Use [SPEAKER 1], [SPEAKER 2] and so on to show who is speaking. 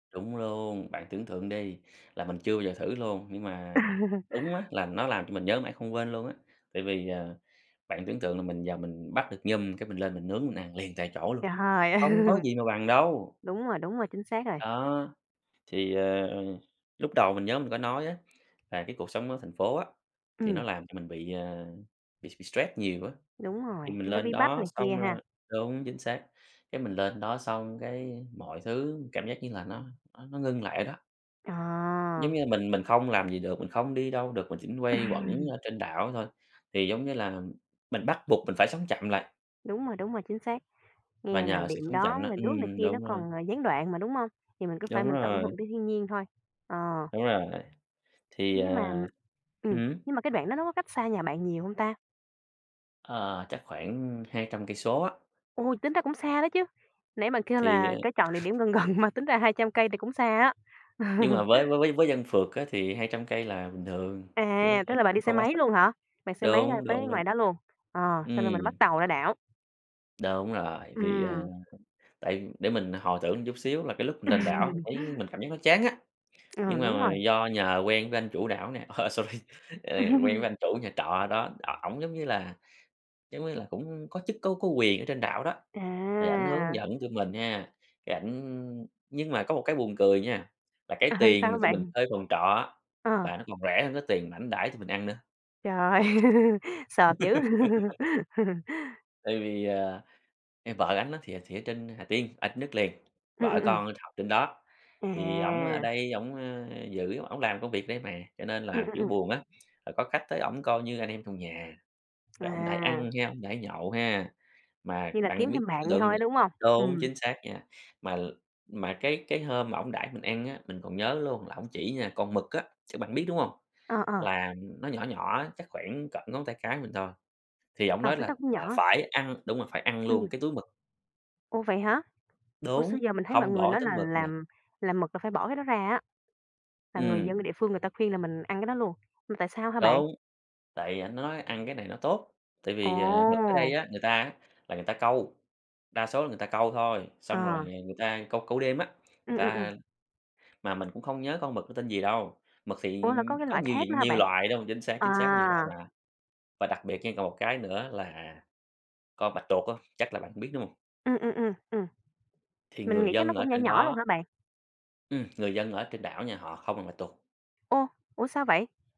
[SPEAKER 1] Đúng luôn, bạn tưởng tượng đi là mình chưa bao giờ thử luôn. Nhưng mà đúng á, là nó làm cho mình nhớ mãi không quên luôn á, tại vì, ờ, bạn tưởng tượng là mình vào mình bắt được nhum cái mình lên mình nướng mình ăn liền tại chỗ luôn,
[SPEAKER 2] Trời ơi!
[SPEAKER 1] không có gì mà bằng đâu.
[SPEAKER 2] Đúng rồi, đúng rồi, chính xác rồi.
[SPEAKER 1] Đó. Thì, à, ờ, lúc đầu mình nhớ mình có nói á là cái cuộc sống ở thành phố á, thì
[SPEAKER 2] Ừm.
[SPEAKER 1] nó làm cho mình bị, ờ, bị bị stress nhiều á,
[SPEAKER 2] Đúng rồi,
[SPEAKER 1] thì mình
[SPEAKER 2] nó
[SPEAKER 1] lên
[SPEAKER 2] bí bách
[SPEAKER 1] đó
[SPEAKER 2] này
[SPEAKER 1] xong
[SPEAKER 2] kia
[SPEAKER 1] rồi
[SPEAKER 2] ha.
[SPEAKER 1] đúng, chính xác, cái mình lên đó xong cái mọi thứ cảm giác như là nó nó nó ngưng lại ở đó.
[SPEAKER 2] Ờ.
[SPEAKER 1] Giống như mình mình không làm gì được, mình không đi đâu được, mình chỉ quay quẩn ở trên đảo thôi, thì giống như là mình bắt buộc mình phải sống chậm lại.
[SPEAKER 2] Đúng rồi, đúng rồi, chính xác.
[SPEAKER 1] Và
[SPEAKER 2] Nghe là
[SPEAKER 1] nhờ sự
[SPEAKER 2] điện
[SPEAKER 1] sống
[SPEAKER 2] đóm
[SPEAKER 1] chậm đó
[SPEAKER 2] rồi nước này
[SPEAKER 1] ừm,
[SPEAKER 2] kia nó
[SPEAKER 1] đúng rồi.
[SPEAKER 2] còn, à, gián đoạn mà, đúng hông? Thì mình cứ phải
[SPEAKER 1] Đúng
[SPEAKER 2] mình tận
[SPEAKER 1] rồi.
[SPEAKER 2] hưởng cái thiên nhiên thôi. Ờ.
[SPEAKER 1] Đúng rồi. Thì,
[SPEAKER 2] Nhưng mà
[SPEAKER 1] à ừm
[SPEAKER 2] ừm,
[SPEAKER 1] hứm.
[SPEAKER 2] nhưng mà cái đoạn đó nó có cách xa nhà bạn nhiều hông ta?
[SPEAKER 1] Ờ, chắc khoảng 200 cây số á.
[SPEAKER 2] Ôi! Tính ra cũng xa đó chứ. Nãy bạn kêu
[SPEAKER 1] Thì,
[SPEAKER 2] là
[SPEAKER 1] ờ
[SPEAKER 2] có chọn địa điểm gần gần, mà tính ra 200 cây thì cũng xa á.
[SPEAKER 1] Nhưng mà với với với với dân phượt á thì 200 cây là bình thường, chứ,
[SPEAKER 2] À!
[SPEAKER 1] ơ,
[SPEAKER 2] Tức là bạn đi
[SPEAKER 1] cũng
[SPEAKER 2] xe
[SPEAKER 1] không có
[SPEAKER 2] máy
[SPEAKER 1] xa.
[SPEAKER 2] luôn hả? Vẹt xe máy ra
[SPEAKER 1] Đúng,
[SPEAKER 2] tới
[SPEAKER 1] đúng, đúng.
[SPEAKER 2] ngoài đó luôn. Ờ, xong
[SPEAKER 1] Ừm.
[SPEAKER 2] rồi mình bắt tàu ra đảo.
[SPEAKER 1] Đúng rồi, thì, ờ,
[SPEAKER 2] Ừm.
[SPEAKER 1] tại để mình hồi tưởng chút xíu là cái lúc lên đảo mình thấy mình cảm giác nó chán á, nhưng
[SPEAKER 2] Ờm,
[SPEAKER 1] mà
[SPEAKER 2] đúng
[SPEAKER 1] mà
[SPEAKER 2] rồi.
[SPEAKER 1] do nhờ quen với anh chủ đảo nè, ờ, sorry, ờ, quen với anh chủ nhà trọ ở đó. Đ ổng giống như là giống như là cũng có chức có có quyền ở trên đảo đó, thì ảnh hướng
[SPEAKER 2] À.
[SPEAKER 1] dẫn tụi mình ha, cái ảnh nhưng mà có một cái buồn cười nha, là cái tiền
[SPEAKER 2] Sao
[SPEAKER 1] mà
[SPEAKER 2] á
[SPEAKER 1] tụi mình
[SPEAKER 2] bạn?
[SPEAKER 1] thuê phòng trọ á,
[SPEAKER 2] Ờ.
[SPEAKER 1] là nó còn rẻ hơn cái tiền mà ảnh đãi tụi mình ăn nữa.
[SPEAKER 2] Trời ơi! Sộp dữ!
[SPEAKER 1] Tại vì, ờ, em vợ ảnh thì, ờ, thì ở trên Hà Tiên, ở đất liền,
[SPEAKER 2] Ừm,
[SPEAKER 1] vợ
[SPEAKER 2] ừm, ừm.
[SPEAKER 1] con học trên đó, thì ổng ở
[SPEAKER 2] Chà!
[SPEAKER 1] đây ổng, a, giữ ổng làm công việc ở đây mà, cho nên
[SPEAKER 2] Ừm,
[SPEAKER 1] là
[SPEAKER 2] ừm,
[SPEAKER 1] kiểu
[SPEAKER 2] ừm.
[SPEAKER 1] buồn á, rồi có khách tới ổng coi như anh em trong nhà, rồi ổng đãi ăn
[SPEAKER 2] À.
[SPEAKER 1] ha, ổng đãi nhậu ha. Mà
[SPEAKER 2] Như là kiếm
[SPEAKER 1] bạn biết
[SPEAKER 2] thêm bạn
[SPEAKER 1] tưởng
[SPEAKER 2] vậy
[SPEAKER 1] tượng
[SPEAKER 2] thôi,
[SPEAKER 1] đi
[SPEAKER 2] đúng hông?
[SPEAKER 1] đúng,
[SPEAKER 2] Ừm.
[SPEAKER 1] chính xác nha, mà mà cái cái hôm mà ổng đãi mình ăn á, mình còn nhớ luôn là ổng chỉ nha con mực á chắc bạn biết, đúng hông?
[SPEAKER 2] Ờ, ờ.
[SPEAKER 1] Là nó nhỏ nhỏ chắc khoảng cỡ ngón tay cái mình thôi, thì ổng
[SPEAKER 2] Ờ,
[SPEAKER 1] nói
[SPEAKER 2] cái đó
[SPEAKER 1] là
[SPEAKER 2] cũng
[SPEAKER 1] là
[SPEAKER 2] nhỏ.
[SPEAKER 1] phải ăn đúng rồi, phải ăn
[SPEAKER 2] Ừm.
[SPEAKER 1] luôn cái túi mực.
[SPEAKER 2] Ô, vậy hả? Ủa,
[SPEAKER 1] Đúng,
[SPEAKER 2] xưa giờ mình thấy mọi
[SPEAKER 1] không
[SPEAKER 2] người
[SPEAKER 1] bỏ
[SPEAKER 2] nói
[SPEAKER 1] túi
[SPEAKER 2] là
[SPEAKER 1] mực nhe.
[SPEAKER 2] làm làm mực là phải bỏ cái đó ra á. Là người
[SPEAKER 1] Ừm.
[SPEAKER 2] dân địa phương người ta khuyên là mình ăn cái đó luôn. Mà tại sao hả bạn?
[SPEAKER 1] Đúng. Tại vì ảnh nói ăn cái này nó tốt, tại vì, ờ, mực ở đây
[SPEAKER 2] Ồ!
[SPEAKER 1] á người ta á là người ta câu, đa số là người ta câu thôi. Xong rồi, à,
[SPEAKER 2] Ờ.
[SPEAKER 1] người ta câu câu đêm á, người
[SPEAKER 2] Ừm, ừm,
[SPEAKER 1] ta
[SPEAKER 2] ừm.
[SPEAKER 1] mà mình cũng không nhớ con mực nó tên gì đâu, mực thì,
[SPEAKER 2] Ủa, là
[SPEAKER 1] ừm,
[SPEAKER 2] có cái
[SPEAKER 1] có
[SPEAKER 2] loại
[SPEAKER 1] nhiều
[SPEAKER 2] khác nữa
[SPEAKER 1] diện
[SPEAKER 2] hả
[SPEAKER 1] nhiều
[SPEAKER 2] bạn?
[SPEAKER 1] loại đó mà chính xác, chính xác, nhiều loại
[SPEAKER 2] À.
[SPEAKER 1] mà. Và đặc biệt nha còn một cái nữa là con bạch tuột á, chắc là bạn cũng biết, đúng hông?
[SPEAKER 2] Ừm, ừm, ừm, ừm.
[SPEAKER 1] Thì
[SPEAKER 2] Mình
[SPEAKER 1] người
[SPEAKER 2] nghĩ chắc nó
[SPEAKER 1] dân ở
[SPEAKER 2] cũng nhỏ
[SPEAKER 1] trên
[SPEAKER 2] nhỏ luôn hả
[SPEAKER 1] đó
[SPEAKER 2] bạn?
[SPEAKER 1] ừm, người dân ở trên đảo nha, họ không ăn bạch tuột.
[SPEAKER 2] Ồ! Ủa, sao vậy?